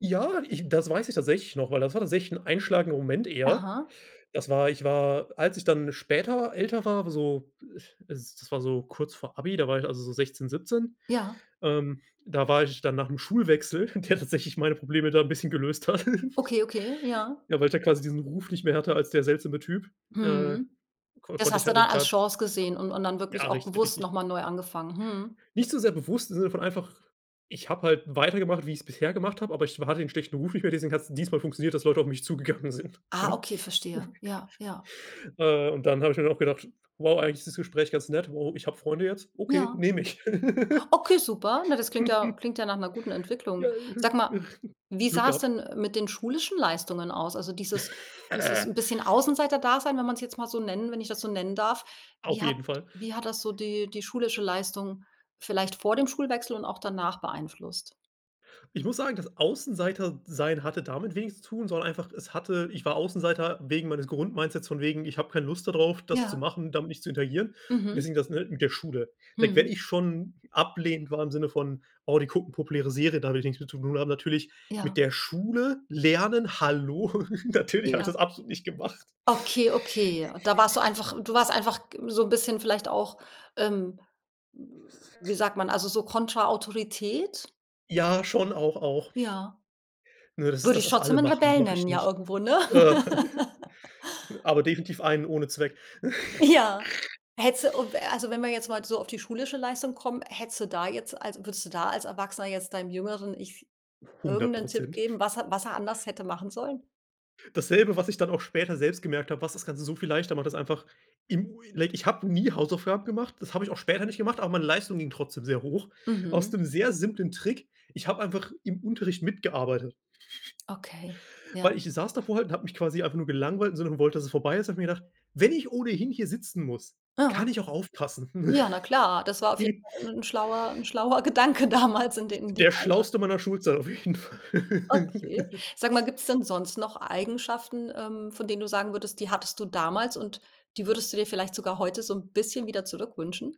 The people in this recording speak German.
Ja, ich das weiß ich tatsächlich noch, weil das war tatsächlich einschlagender Moment eher. Aha. Das war ich war als ich dann später älter war, so, s das war so kurz vor Abi, da war ich, also, so 16, 17, Ja. ähm, da war ich dann nach 'nem Schulwechsel, der tatsächlich meine Probleme da 'n bisschen gelöst hat. Okay, okay, ja. Ja, weil ich da quasi diesen Ruf nicht mehr hatte als der seltsame Typ, äh, Mhm. ko Das konnte ich hast du halt d dann als da Chance gesehen und und dann Ja, wirklich auch richtig, bewusst richtig. noch mal neu angefangen? Mhm. Nicht so sehr bewusst in dem Sinne von einfach ich habe halt weitergemacht, wie ich's bisher gemacht habe, aber ich wa hatte den schlechten Ruf nicht mehr, deswegen hat es dieses mal funktioniert, dass Leute auf mich zugegangen sind. Ah, okay, verstehe. Ja, ja. Äh, und dann habe ich mir auch gedacht: „Wow, eigentlich ist das Gespräch ganz nett. Wow, ich habe Freunde jetzt. Okay, Ja. nehme ich.“ Okay, super. Na, das klingt ja klingt ja nach 'ner guten Ja Entwicklung. Sag mal, [unintelligible] wie Glück sah es gehabt. denn, äh, mit den schulischen Leistungen aus? Also, dieses 'n bisschen Außenseiterdasein, wenn man's jetzt mal so nennen wenn ich das so nennen darf. Auf Wie hat jeden Fall. wie hat das so die die schulische Leistung vielleicht vor dem Schulwechsel und auch danach beeinflusst? Ich muss sagen, das Außenseiter-sein hatte damit wenig zu tun, sondern einfach es hatte ich war Außenseiter wegen meines Grundmindsets von wegen, ich habe keine Lust da drauf, das zu Ja. machen, damit nicht zu interagieren. Und Mhm. deswegen das, ne, mit der Schule. Wenn wenn Mhm. ich schon ablehnend war im Sinne von: „Oh, die gucken populäre Serien, da habe ich nix mit zu tun.“ Aber natürlich Ja. mit der Schule lernen, hallo? Natürlich habe ich Ja. das absolut nicht gemacht. Okay, okay. Da warst du einfach du warst einfach g so 'n bisschen vielleicht auch, ähm wie sagt man, also, so Kontra-Autorität. Ja, schon auch, auch. Ja. Ne? Das ist Würde das, ich was trotzdem alle 'nen machen, Rebell mache nennen, ich ja nicht. irgendwo, ne? Aber definitiv einen ohne Zweck. Ja. Hättest du, o w also, wenn wir jetzt mal so auf die schulische Leistung kommen, hättest du da jetzt also, würdest du da als Erwachsener jetzt deinem jüngeren Ich hundert irgendeinen Tipp Prozent. geben, was er was er anders hätte machen sollen? Dasselbe, was ich dann auch später selbst gemerkt habe, was das Ganze so viel leichter macht, ist einfach im like ich habe nie Hausaufgaben gemacht, das habe ich auch später nicht gemacht, aber meine Leistung ging trotzdem sehr hoch. Aus Mhm. dem sehr simplen Trick, ich habe einfach im Unterricht mitgearbeitet. Okay, ja. Weil ich saß davor halt und habe mich quasi einfach nur gelangweilt, im Sinne von wollte, dass es vorbei ist. Habe mir gedacht: „Wenn ich ohnehin hier sitzen muss, kann Ja. ich auch aufpassen.“ Ja, na klar, das war auf jeden Fall 'n schlauer 'n schlauer Gedanke damals in de in dem Der Alter. schlauste meiner Schulzeit auf jeden Okay. Fall. Sag mal, gibt es denn sonst noch Eigenschaften, ähm, von denen du sagen würdest, die hattest du damals und die würdest du dir vielleicht sogar heute so 'n bisschen wieder zurückwünschen?